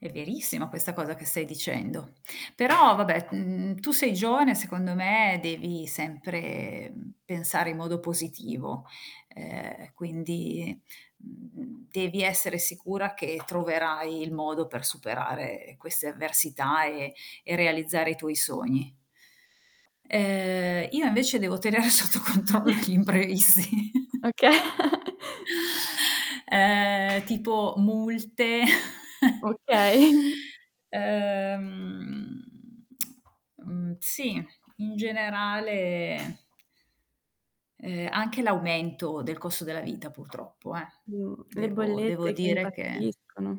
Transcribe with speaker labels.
Speaker 1: È verissima questa cosa che stai dicendo, però vabbè, mhmm, tu sei giovane, secondo me devi sempre, mhmm, pensare in modo positivo, ehm, quindi, mhmm, devi essere sicura che troverai il modo per superare queste avversità, ehm, e realizzare i tuoi sogni. Ehm, io invece devo tenere sotto controllo gli imprevisti.
Speaker 2: Oka
Speaker 1: Ehm, tipo multe.
Speaker 2: Okay.
Speaker 1: Ehm, mhmm, sì, in generale ehm, anche l'aumento del costo della vita purtroppo, eh,
Speaker 2: Mh, le
Speaker 1: devo devo
Speaker 2: bollette che
Speaker 1: dire che
Speaker 2: impazziscono.